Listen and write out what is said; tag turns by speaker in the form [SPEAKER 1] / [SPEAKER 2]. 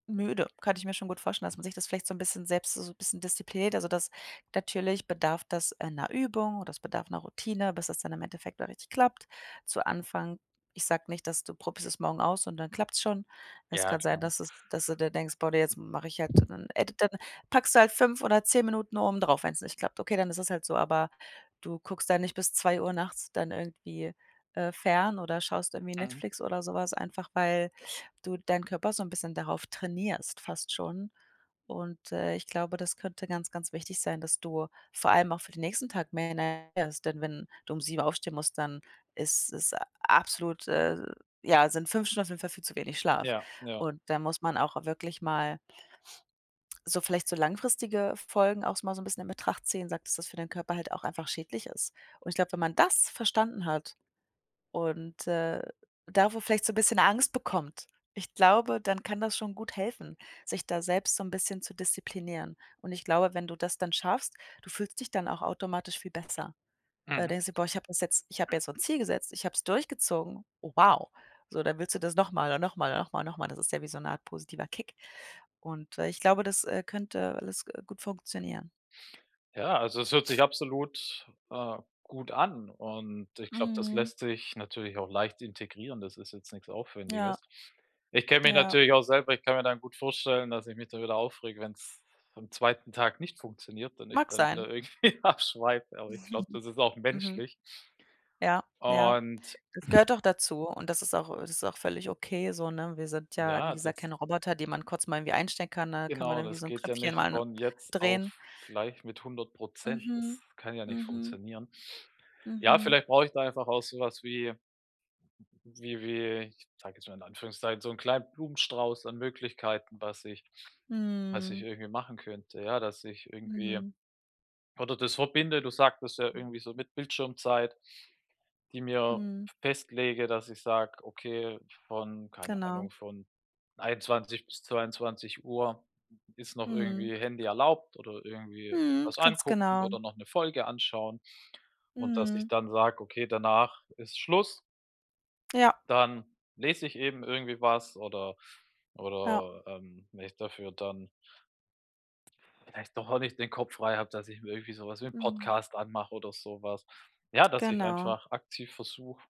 [SPEAKER 1] Müde. Kann ich mir schon gut vorstellen, dass man sich das vielleicht so 'n bisschen selbst so 'n bisschen diszipliniert. Also das natürlich bedarf das einer Übung oder es bedarf 'ner Routine, bis das dann im Endeffekt auch richtig klappt. Zu Anfang ich sage nicht, dass du probierst es morgen aus und dann klappt's schon. Es
[SPEAKER 2] Ja,
[SPEAKER 1] kann sein,
[SPEAKER 2] klar.
[SPEAKER 1] dass es dass du dir denkst: „Boah, jetzt mache ich halt dann“, ey, dann packst du halt 5 oder 10 Minuten oben drauf, wenn's nicht klappt. Okay, dann ist es halt so, aber du guckst da nicht bis 2:00 nachts dann irgendwie, äh, fern oder schaust irgendwie
[SPEAKER 2] Mhm.
[SPEAKER 1] Netflix oder so was, einfach weil du deinen Körper so 'n bisschen darauf trainierst fast schon. Und, äh, ich glaube, das könnte ganz, ganz wichtig sein, dass du vor allem auch für den nächsten Tag mehr Energie hast, denn wenn du um 7:00 aufstehen musst, dann ist es a absolut, äh ja, sind 5 Stunden auf jeden Fall viel zu wenig Schlaf.
[SPEAKER 2] Ja, ja.
[SPEAKER 1] Und da muss man auch wirklich mal so vielleicht so langfristige Folgen auch so mal so 'n bisschen in Betracht ziehen, sagt, das für den Körper halt auch einfach schädlich ist. Und ich glaube, wenn man das verstanden hat und, äh, davor vielleicht so 'n bisschen Angst bekommt, ich glaube, dann kann das schon gut helfen, sich da selbst so 'n bisschen zu disziplinieren. Und ich glaube, wenn du das dann schaffst, du fühlst dich dann auch automatisch viel besser. Da
[SPEAKER 2] Mhm.
[SPEAKER 1] denkst du: „Boah, ich habe das jetzt ich habe ja so 'n Ziel gesetzt. Ich habe es durchgezogen. Oh wow.“ So, dann willst du das noch mal und noch mal, noch mal, noch mal. Das ist ja wie so 'ne Art positiver Kick. Und, äh, ich glaube, das, äh, könnte alles, äh, gut funktionieren.
[SPEAKER 2] Ja, also es hört sich absolut, äh, gut an und ich glaube, das
[SPEAKER 1] Mhm.
[SPEAKER 2] lässt sich natürlich auch leicht integrieren. Das ist jetzt nix
[SPEAKER 1] Ja.
[SPEAKER 2] Aufwendiges. Ich kenne mich
[SPEAKER 1] Ja.
[SPEAKER 2] natürlich auch selber ich kann mir dann gut vorstellen, dass ich mich da wieder aufrege, wenn's am 2. Tag nicht funktioniert und ich
[SPEAKER 1] Mag
[SPEAKER 2] dann
[SPEAKER 1] sein.
[SPEAKER 2] wieder irgendwie abschweife, aber ich glaube, das ist auch
[SPEAKER 1] Mhm.
[SPEAKER 2] menschlich.
[SPEAKER 1] Ja, ja.
[SPEAKER 2] Und
[SPEAKER 1] Das gehört auch dazu und das ist auch ähm, das ist auch völlig okay so, ne? Wir sind ja, wie
[SPEAKER 2] Ja,
[SPEAKER 1] gesagt,
[SPEAKER 2] das
[SPEAKER 1] kein Roboter, die man kurz mal irgendwie einstecken kann, ne? Da kann man
[SPEAKER 2] Genau,
[SPEAKER 1] dann irgendwie
[SPEAKER 2] das
[SPEAKER 1] so 'n
[SPEAKER 2] geht ja
[SPEAKER 1] Knöpfchen
[SPEAKER 2] nicht
[SPEAKER 1] mal
[SPEAKER 2] von jetzt auf
[SPEAKER 1] drehen.
[SPEAKER 2] gleich mit 100 %, das
[SPEAKER 1] Mhm,
[SPEAKER 2] kann ja nicht
[SPEAKER 1] mhm.
[SPEAKER 2] funktionieren. Ja,
[SPEAKER 1] Mhm.
[SPEAKER 2] vielleicht brauche ich da einfach auch so was wie wie wie ich sage jetzt mal in Anführungszeichen, so 'n kleinen Blumenstrauß an Möglichkeiten, was ich was ich
[SPEAKER 1] Mhm.
[SPEAKER 2] irgendwie machen könnte, ja, dass ich irgendwie
[SPEAKER 1] Mhm.
[SPEAKER 2] oder das verbinde. Du sagtest ja
[SPEAKER 1] Mhm.
[SPEAKER 2] irgendwie so mit Bildschirmzeit, die mir
[SPEAKER 1] Mhm.
[SPEAKER 2] festlege, dass ich sage: „Okay, von keine
[SPEAKER 1] Genau.
[SPEAKER 2] Ahnung von 21:00 bis 22:00 ist noch
[SPEAKER 1] Mhm.
[SPEAKER 2] irgendwie Handy erlaubt oder irgendwie
[SPEAKER 1] Mhm.
[SPEAKER 2] irgendwas
[SPEAKER 1] Ganz
[SPEAKER 2] angucken
[SPEAKER 1] genau.
[SPEAKER 2] oder noch 'ne Folge anschauen und dass ich
[SPEAKER 1] Mhm.
[SPEAKER 2] dann sage okay, danach ist Schluss.“
[SPEAKER 1] Ja.
[SPEAKER 2] Dann lese ich eben irgendwie was oder
[SPEAKER 1] Ja.
[SPEAKER 2] oder, ähm, wenn ich dafür dann vielleicht doch auch nicht den Kopf frei habe, dass ich mir irgendwie sowas wie 'n
[SPEAKER 1] Mhm.
[SPEAKER 2] Podcast anmache oder sowas. Ja, dass ich
[SPEAKER 1] Genau.
[SPEAKER 2] einfach aktiv versuche